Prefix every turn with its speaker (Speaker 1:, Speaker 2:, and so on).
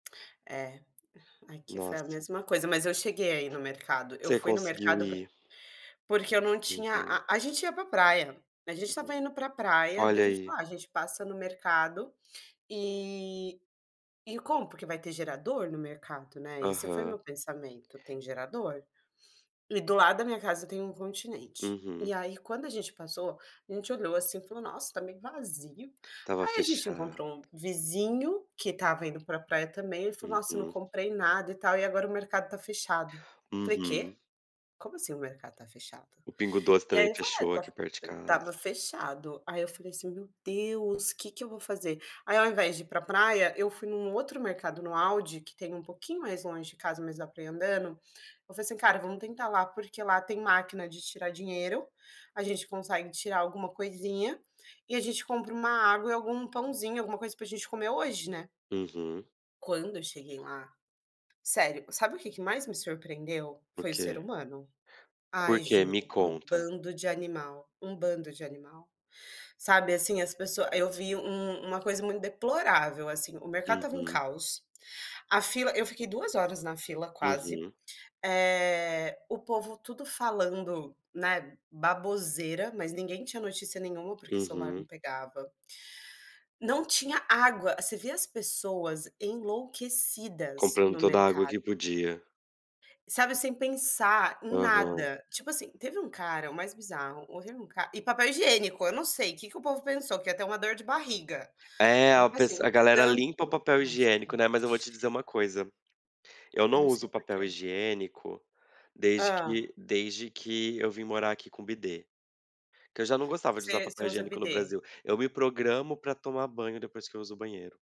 Speaker 1: É, aqui foi
Speaker 2: Nossa.
Speaker 1: a mesma coisa, mas eu cheguei a ir no mercado, eu
Speaker 2: Você
Speaker 1: fui no
Speaker 2: conseguiu
Speaker 1: mercado por
Speaker 2: ir?
Speaker 1: porque eu não tinha
Speaker 2: Uhum.
Speaker 1: a a gente ia para praia, a gente estava
Speaker 2: Uhum.
Speaker 1: indo para praia, daí
Speaker 2: Olha
Speaker 1: a gente
Speaker 2: aí.
Speaker 1: fala: "Ah, gente passa no mercado, e e compra, porque vai ter gerador no mercado”, né, esse foi o
Speaker 2: Aham.
Speaker 1: meu pensamento, “tem gerador”. E do lado da minha casa tem um Continente.
Speaker 2: Uhum.
Speaker 1: E aí, quando a gente passou, a gente olhou assim e falou: "Nossa, tá meio vazio".
Speaker 2: Estava
Speaker 1: Aí a gente
Speaker 2: fechado.
Speaker 1: encontrou um vizinho que estava indo para praia também, falou: "Nossa, não
Speaker 2: Uhum.
Speaker 1: comprei nada e tal e agora o mercado tá fechado". Falei:
Speaker 2: Uhum.
Speaker 1: "Quê? Como assim o mercado tá fechado?"
Speaker 2: O pingo doce
Speaker 1: E
Speaker 2: também
Speaker 1: aí eu falei: "É
Speaker 2: fechou, aqui
Speaker 1: tá
Speaker 2: perto de casa.
Speaker 1: estava fechado", aí eu falei assim: "Meu Deus, quê que eu vou fazer?". Aí ao invés de ir para praia, eu fui em um outro mercado, no Audi que tem um pouquinho mais longe de casa, mas dá pra ir andando, eu falei assim: "Cara, vamos tentar lá, porque lá tem máquina de tirar dinheiro, a gente consegue tirar alguma coisinha, e a gente compra uma água e algum pãozinho, alguma coisa para gente comer hoje, né?".
Speaker 2: Uhum.
Speaker 1: Quando eu cheguei lá, sério, sabe o que que mais me surpreendeu?
Speaker 2: O
Speaker 1: Foi o ser
Speaker 2: quê?
Speaker 1: humano.
Speaker 2: Por
Speaker 1: Ai
Speaker 2: que? Me
Speaker 1: juro, um
Speaker 2: conta.
Speaker 1: bando de animal, um bando de animal. Sabe, assim, as pessoa eu vi um uma coisa muito deplorável, assim, o mercado estava um
Speaker 2: Uhum.
Speaker 1: caos, a fila eu fiquei 2 horas na fila quase,
Speaker 2: Uhum.
Speaker 1: eh, o povo tudo falando, né, baboseira, mas ninguém tinha notícia nenhuma, porque celular
Speaker 2: Uhum.
Speaker 1: não pegava não tinha água você vê as pessoas enlouquecidas
Speaker 2: Comprando
Speaker 1: no
Speaker 2: toda a água
Speaker 1: mercado.
Speaker 2: que podia.
Speaker 1: Sabe, sem pensar em
Speaker 2: Aham.
Speaker 1: nada, tipo assim, teve um cara o mais bizarro, houve um ca e papel higiênico, eu não sei, que que o povo pensou, que ia ter uma dor de barriga.
Speaker 2: É a
Speaker 1: Porque
Speaker 2: pes
Speaker 1: assim,
Speaker 2: a
Speaker 1: o
Speaker 2: galera
Speaker 1: tanto
Speaker 2: limpa o papel
Speaker 1: ai
Speaker 2: higiênico,
Speaker 1: gente
Speaker 2: né, mas eu vou te dizer uma coisa: eu
Speaker 1: Eu não
Speaker 2: não
Speaker 1: sei
Speaker 2: uso papel
Speaker 1: porquê.
Speaker 2: higiênico, desde
Speaker 1: Hã?
Speaker 2: que desde que eu vim morar aqui com bidê. Que eu já não gostava de usar
Speaker 1: Você você
Speaker 2: papel
Speaker 1: usa
Speaker 2: higiênico no
Speaker 1: bidê?
Speaker 2: Brasil, eu me programo para tomar banho depois que eu uso o banheiro.